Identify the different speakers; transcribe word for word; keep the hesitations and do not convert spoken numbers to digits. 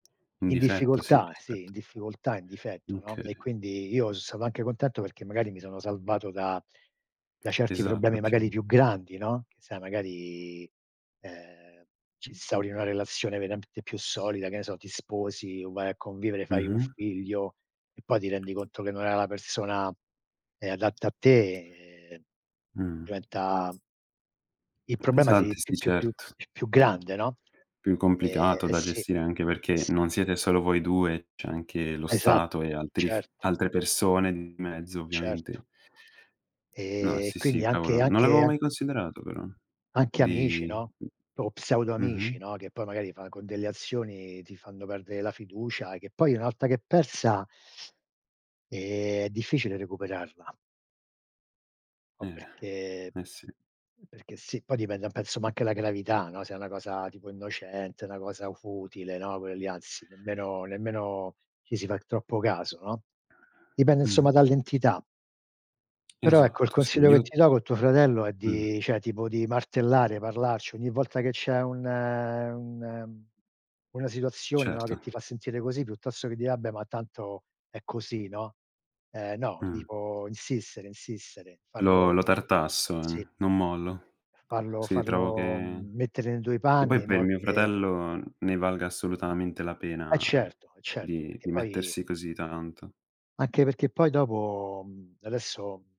Speaker 1: In
Speaker 2: In
Speaker 1: difetto sì,
Speaker 2: difficoltà, sì, in
Speaker 1: rispetto
Speaker 2: difficoltà, in difetto, no, e
Speaker 1: okay.
Speaker 2: quindi io so stato anche contento perché magari mi sono salvato da da certi
Speaker 1: Esatto,
Speaker 2: problemi magari
Speaker 1: okay.
Speaker 2: più grandi, no, che sai, magari eh, ci instauri una relazione verapte più solida, che ne so, ti sposi o vai a convivere, fai un
Speaker 1: Mh-mh.
Speaker 2: figlio e poi ti rendi conto che non era la persona, ehm, adatta a te e
Speaker 1: Mhmm.
Speaker 2: diventa Il problema si
Speaker 1: Pesante,
Speaker 2: più
Speaker 1: sì
Speaker 2: più più
Speaker 1: certo.
Speaker 2: più più grande, no.
Speaker 1: Più
Speaker 2: Eh,
Speaker 1: complicato
Speaker 2: eh
Speaker 1: da
Speaker 2: sì.
Speaker 1: gestire, anche perché
Speaker 2: Sì.
Speaker 1: non siete solo voi due, c'è anche lo
Speaker 2: Esat
Speaker 1: Stato e altri f
Speaker 2: certo.
Speaker 1: altre persone di mezzo,
Speaker 2: Certo.
Speaker 1: ovviamente. No,
Speaker 2: E,
Speaker 1: sì, sì,
Speaker 2: quindi anche
Speaker 1: cavolo. Non
Speaker 2: anche
Speaker 1: l'avevo
Speaker 2: an
Speaker 1: mai considerato però.
Speaker 2: anche amici,
Speaker 1: Di
Speaker 2: no, o pseudo amici,
Speaker 1: mh-mh.
Speaker 2: no, che poi magari fa con delle azioni ti fanno perdere la fiducia, che poi una volta che è persa eh è difficile recuperarla. Po'
Speaker 1: Eh,
Speaker 2: perché
Speaker 1: eh sì.
Speaker 2: perché sì, poi dipende penso ma anche la gravità, no, se è una cosa tipo innocente, 'na cosa futile, no, quelle lì anzi nemmeno nemmeno ci si fa troppo caso, no, dipende
Speaker 1: Mh.
Speaker 2: insomma dall'entità. Però ecco, il
Speaker 1: Esatto, sì,
Speaker 2: consiglio che
Speaker 1: io
Speaker 2: ti do, col tuo fratello è
Speaker 1: mh.
Speaker 2: di ceh tipo di martellare, parlarci. Ogni volta che c'è un un una situazione, no, che
Speaker 1: Certo.
Speaker 2: ti fa sentire così, piuttosto che dire: "Ah beh, ma tanto è così," no, ehm, no,
Speaker 1: Mh.
Speaker 2: tipo insistere, insistere,
Speaker 1: Lo
Speaker 2: farlo
Speaker 1: lo tartasso,
Speaker 2: sì.
Speaker 1: non mollo.
Speaker 2: Farlo
Speaker 1: Sì, trovo
Speaker 2: farlo
Speaker 1: che
Speaker 2: mettere nei tuoi
Speaker 1: e poi
Speaker 2: panni,
Speaker 1: per
Speaker 2: no,
Speaker 1: mio
Speaker 2: che
Speaker 1: fratello ne valga assolutamente la
Speaker 2: Eh
Speaker 1: pena
Speaker 2: certo, eh certo,
Speaker 1: di
Speaker 2: perché
Speaker 1: di
Speaker 2: poi
Speaker 1: mettersi così tanto
Speaker 2: anche perché poi dopo, mhmm, adesso